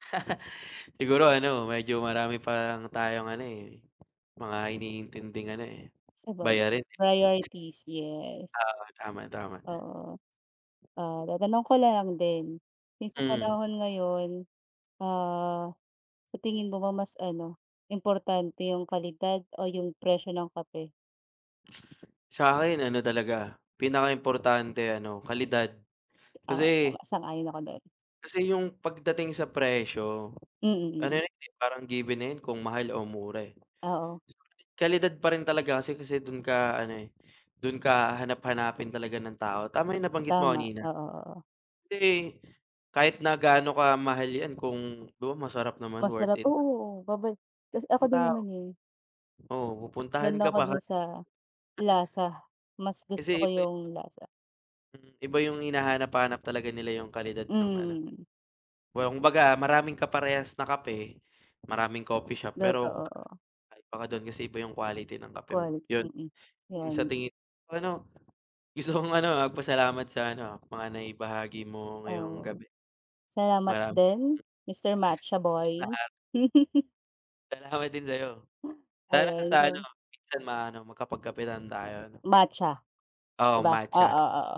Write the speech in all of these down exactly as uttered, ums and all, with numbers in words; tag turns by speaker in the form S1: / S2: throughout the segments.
S1: Siguro ano medyo marami pang tayong ano eh, mga iniintinding ano eh,
S2: Sabaga
S1: bayarin eh.
S2: priorities, yes.
S1: Oo, tama, tama.
S2: Oo. Ah, tatanong ko na lang din, 'yung sa
S1: Mm.
S2: panahon ngayon, ah, sa tingin mo ba mas ano, importante 'yung kalidad o 'yung presyo ng kape?
S1: Sa'kin ano talaga, pinakaimportante ano, kalidad.
S2: Oo,
S1: Kasi
S2: tama, sang-ayon ako do'n.
S1: Kasi 'yung pagdating sa presyo,
S2: Mm,
S1: ano
S2: mm.
S1: 'yan eh, parang given na 'yan kung mahal o mura eh.
S2: Oo.
S1: Kalidad pa rin talaga kasi kasi do'n ka ano eh, do'n ka hahanap-hanapin talaga ng tao. Tama 'yung nabanggit mo
S2: Tama,
S1: kanina.
S2: oo, oo.
S1: Kasi, kahit na gaano kamahal 'yan kung though masarap naman worth
S2: Masarap
S1: it.
S2: oo, babad kas ako
S1: 'Yung
S2: din
S1: tao
S2: naman eh.
S1: oo, pupuntahan
S2: Do'n
S1: ka
S2: ako
S1: pa
S2: do'n
S1: hal
S2: sa lasa. Mas gusto ko
S1: Kasi iba yung
S2: 'yung lasa.
S1: Mm, iba 'yung hinahanap-hanap talaga nila 'yung kalidad ng ano.
S2: Mm, mm.
S1: wumbaga maraming kaparehas na kape, maraming coffee shop pero,
S2: Totoo.
S1: kakaiba ka do'n kasi iba 'yung quality ng kape mo,
S2: Quality,
S1: yun.
S2: mm,
S1: 'Yung sa
S2: yun.
S1: tingin ano gusto kong ano ha magpasalamat sa ano ha mga naibahagi mo ngayong
S2: Oo.
S1: gabi.
S2: Salamat
S1: Marami
S2: din, Mr. Matcha Boy.
S1: Lahat. Salamat din sa'yo. Sana
S2: Ayun
S1: sa ano,
S2: so
S1: minsan maano makapagkape lang tayo 'no.
S2: Matcha, 'di
S1: Oo,
S2: ba?
S1: matcha.
S2: Oo, oo.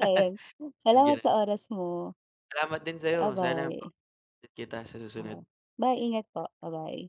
S2: Ayun. Salamat
S1: Andiyan.
S2: sa oras mo.
S1: Salamat din sa'yo. Sana mak
S2: Babay.
S1: din kita sa susunod.
S2: Bye, ingat po. Babay.